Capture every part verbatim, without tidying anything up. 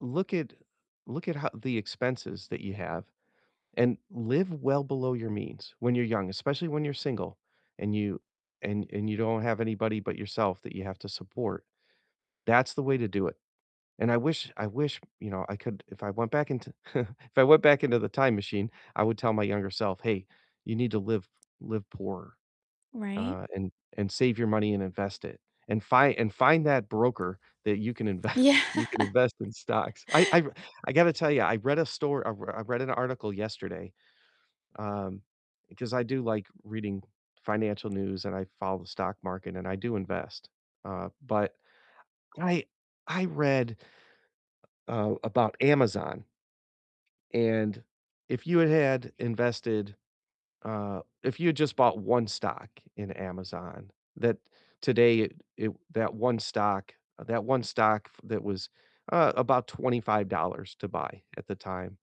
Look at look at how the expenses that you have and live well below your means when you're young, especially when you're single and you and and you don't have anybody but yourself that you have to support, that's the way to do it. And I wish I wish, you know, I could if I went back into if I went back into the time machine, I would tell my younger self, "Hey, you need to live live poor, Right. uh, and and save your money and invest it, and fi and find that broker that you can inve Yeah. you can invest in stocks." I I I gotta tell you, I read a stor I r I read an article yesterday, um, because I do, like, reading financial news and I follow the stock market and I do invest, uh, but I I read uh, about Amazon. And if you had had invested uh, if you had just bought one stock in Amazon, that today it it that one stock that one stock that was, uh, about twenty five dollars to buy at the time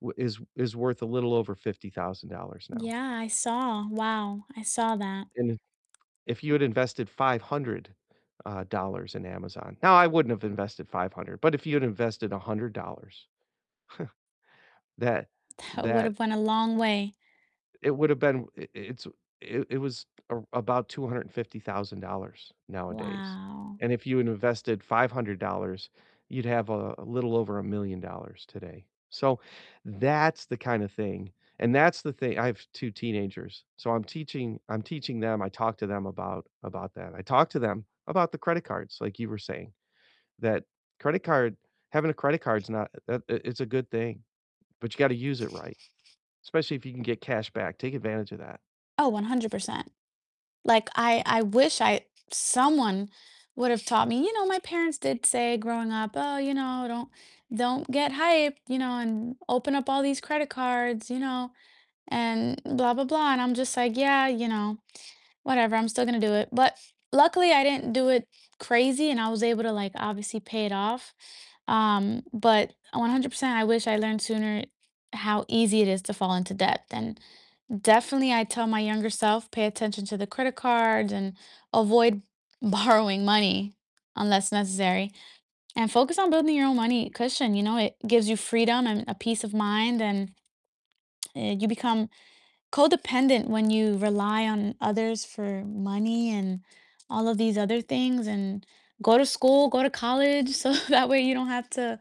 w is is worth a little over fifty thousand dollars now. Yeah, I saw. Wow, I saw that. And if if you had invested five hundred, uh, dollars in Amazon now, I wouldn't have invested five hundred, but if you had invested a hundred dollars, that That that would've went a long way. it would've been i it's it it was a about two hundred and fifty thousand dollars nowadays, Wow. and if you had invested five hundred dollars, you'd have a a little over a million dollars today, so that's the kind of thing and that's the thing I have two teenagers, so I'm teaching I'm teaching them I talk to them about about that. I talk to them about the credit cards, like you were saying, that credit card having a credit card's not uh, it it's a good thing, but you gotta use it right, especially if you can get cash back, take advantage of that. Oh, one hundred percent. Like, I I wish I someone would've taught me, you know, my parents did say growing up, "Oh, you know, don't don't get hyped, you know, and open up all these credit cards, you know, and blah, blah, blah." And I'm just, like, "Yeah, you know, whatever, I'm still gonna do it." But luckily, I didn't do it crazy, and I was able to, like, obviously pay it off, um, but one hundred percent, I wish I learned sooner how easy it is to fall into debt, and definitely I'd tell my younger self, "Pay attention to the credit cards, and avoid borrowing money unless necessary, and focus on building your own money cushion." You know, it gives you freedom, and a peace of mind, and, uh, you become codependent when you rely on others for money and all of these other things, and go to school, go to college, so that way you don't have to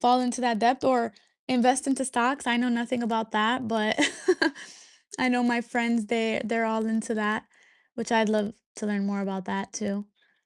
fall into that debt, or invest into stocks, I know nothing about that, but I know my friends, they they're all into that, which I'd love to learn more about that too.